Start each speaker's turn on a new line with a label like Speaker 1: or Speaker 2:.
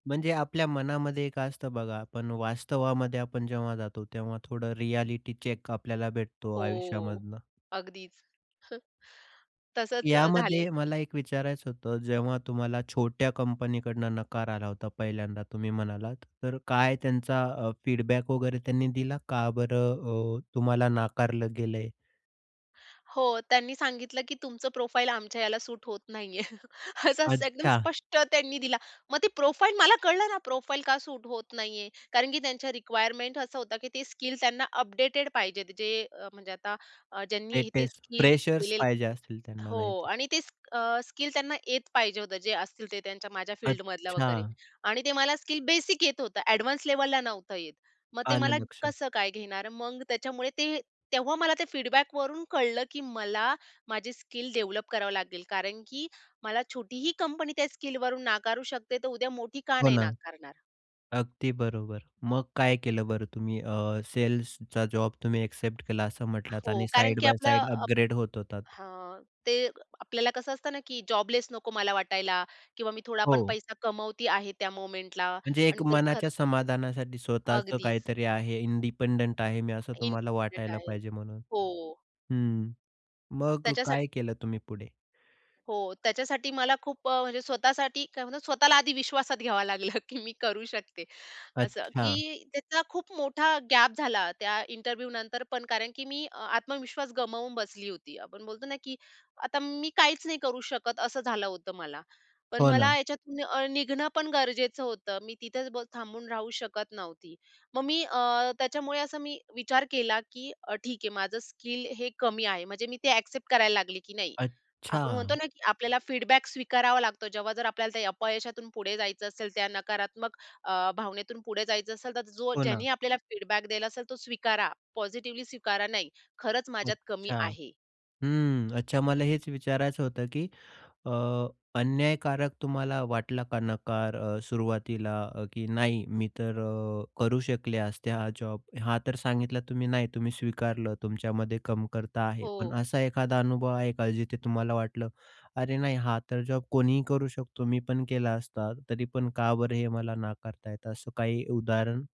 Speaker 1: म्हणजे आपल्या मनामध्ये एक असतं बघा, पण वास्तवामध्ये आपण जेव्हा जातो तेव्हा थोडं रिएलिटी चेक आपल्याला भेटतो
Speaker 2: हो.
Speaker 1: आयुष्यामधनं.
Speaker 2: अगदीच. हं. तसंच अ, झाले
Speaker 1: यामध्ये मला एक विचारायचं होतं, जेव्हा तुम्हाला छोट्या कंपनी कडनं नकार आला होता पहिल्यांदा तुम्ही म्हणालात, तर काय त्यांचा अ, फीडबॅक वगैरे त्यांनी दिला, "का बरं अ, तुम्हाला नाकारलं गेलंय?"
Speaker 2: हो, त्यांनी सांगितलं, की "तुमचं प्रोफाईल आमच्या ह्याला सूट होत नाहीये." असं स एकदम
Speaker 1: अच्छा.
Speaker 2: स्पष्ट त्यांनी दिला. मग ती प्रोफाईल मला कळलं ना, प्रोफाईल का सूट होत नाहीये. कारण की त्यांच्या रिक्वायरमेंट असा होता, की ते स्किल त्यांना अपडेटेड पाहिजेत जे, म्हणजे आता अ, ज्यांनी ते
Speaker 1: लेटेस्ट.
Speaker 2: स्किल
Speaker 1: फ्रेशर्स
Speaker 2: केलेल
Speaker 1: पाहिजे असतील त्यांना
Speaker 2: हो.
Speaker 1: नाहीतर.
Speaker 2: आणि तेच अ, स्किल त्यांना येत पाहिजे होतं, जे असतील ते त्यांच्या माझ्या फील्डमधल्या वगैरे
Speaker 1: अच्छा.
Speaker 2: आणि ते मला स्किल बेसिक येत होतं, ॲडवान्स लेव्हलला नव्हतं येत. मग ते मला
Speaker 1: आलं लक्षात.
Speaker 2: कसं काय घेणार? मग त्याच्यामुळे ते तेव्हा मला ते फीडबॅकवरून कळलं, की मला माझी स्किल डेव्हलप करावं लागेल. कारण की मला छोटी ही कंपनी त्या स्किलवरून नाकारू शकते, तर उद्या मोठी का
Speaker 1: हो
Speaker 2: नाही
Speaker 1: ना.
Speaker 2: नाकारणार?
Speaker 1: अगदी बरोबर. मग काय केलं बरं तुम्ही अ, सेल्सचा जॉब तुम्ही ॲक्सेप्ट केला असं म्हटलात,
Speaker 2: हो.
Speaker 1: आणि
Speaker 2: कारण
Speaker 1: साइड
Speaker 2: की
Speaker 1: बाय
Speaker 2: आपलं
Speaker 1: साइड
Speaker 2: अप
Speaker 1: अपग्रेड होत होतात.
Speaker 2: हां, ते आपल्याला कसं असतं ना, की जॉबलेस नको मला वाटायला किंवा मी थोडा पण
Speaker 1: हो.
Speaker 2: पैसा कमवते आहे त्या मोमेंटला
Speaker 1: म्हणजे एक
Speaker 2: आणि तेच खर्च
Speaker 1: मनाच्या समाधानासाठी स्वतःच
Speaker 2: अगदीच.
Speaker 1: काहीतरी आहे, इंडिपेंडंट आहे मी, असं तुम्हाला
Speaker 2: इंडिपेंडंट
Speaker 1: वाटायला
Speaker 2: आहे.
Speaker 1: पाहिजे म्हणून
Speaker 2: हो.
Speaker 1: हं. मग
Speaker 2: त्याच्यासाठी
Speaker 1: काय केलं तुम्ही पुढे?
Speaker 2: हो. त्याच्यासाठी मला खूप अ, म्हणजे स्वतःसाठी काय म्हणतात स्वतःला आधी विश्वासात घ्यावं लागलं, की मी करू शकते असं.
Speaker 1: अच्छा.
Speaker 2: की त्याचा खूप मोठा गॅप झाला त्या इंटरव्ह्यनंतर पण, कारण की मी अ, आत्मविश्वास गमावून बसली होती. आपण बोलतो ना, की आता मी काहीच नाही करू शकत, असं झालं होतं मला. पण
Speaker 1: हो ना.
Speaker 2: मला याच्यातून निघणं पण गरजेचं होतं, मी तिथेच ब थांबून राहू शकत नव्हती. मग मी अ, त्याच्यामुळे असं मी विचार केला, की अ, ठीक आहे, माझं स्किल हे कमी आहे, म्हणजे मी ते ॲक्सेप्ट करायला लागली, की नाही, आपण म्हणतो
Speaker 1: अच्छा.
Speaker 2: ना, की आपल्याला फीडबॅक स्वीकारावा लागतो. जेव्हा जर आपल्याला त्या अपयशातून पुढे जायचं असेल, त्या नकारात्मक अ, भावनेतून पुढे जायचं असेल, तर जो
Speaker 1: हो ना.
Speaker 2: ज्यांनी आपल्याला फीडबॅक दिला असेल तो स्वीकारा, पॉझिटिव्हली स्वीकारा. नाही, खरंच माझ्यात कमी
Speaker 1: अच्छा.
Speaker 2: आहे.
Speaker 1: हं. अच्छा. मला हेच विचारायचं होतं, की अ, अन्यायकारक तुम्हाला वाटला का नकार अ, सुरुवातीला, की नाही, मी तर अ, करू शकले असते हा जॉब. हा तर सांगितला तुम्ही नाही. तुम्ही स्वीकारलं तुमच्यामध्ये कमतरता आहे. पण
Speaker 2: हो.
Speaker 1: असा एखादा अनुभव आहे का? जिथे तुम्हाला वाटलं, "अरे, नाही हा तर जॉब कोणीही करू शकतो. मी पण केला असता. तरी पण का बरं हे मला नाकारत आहेत?" असं काही उदाहरण?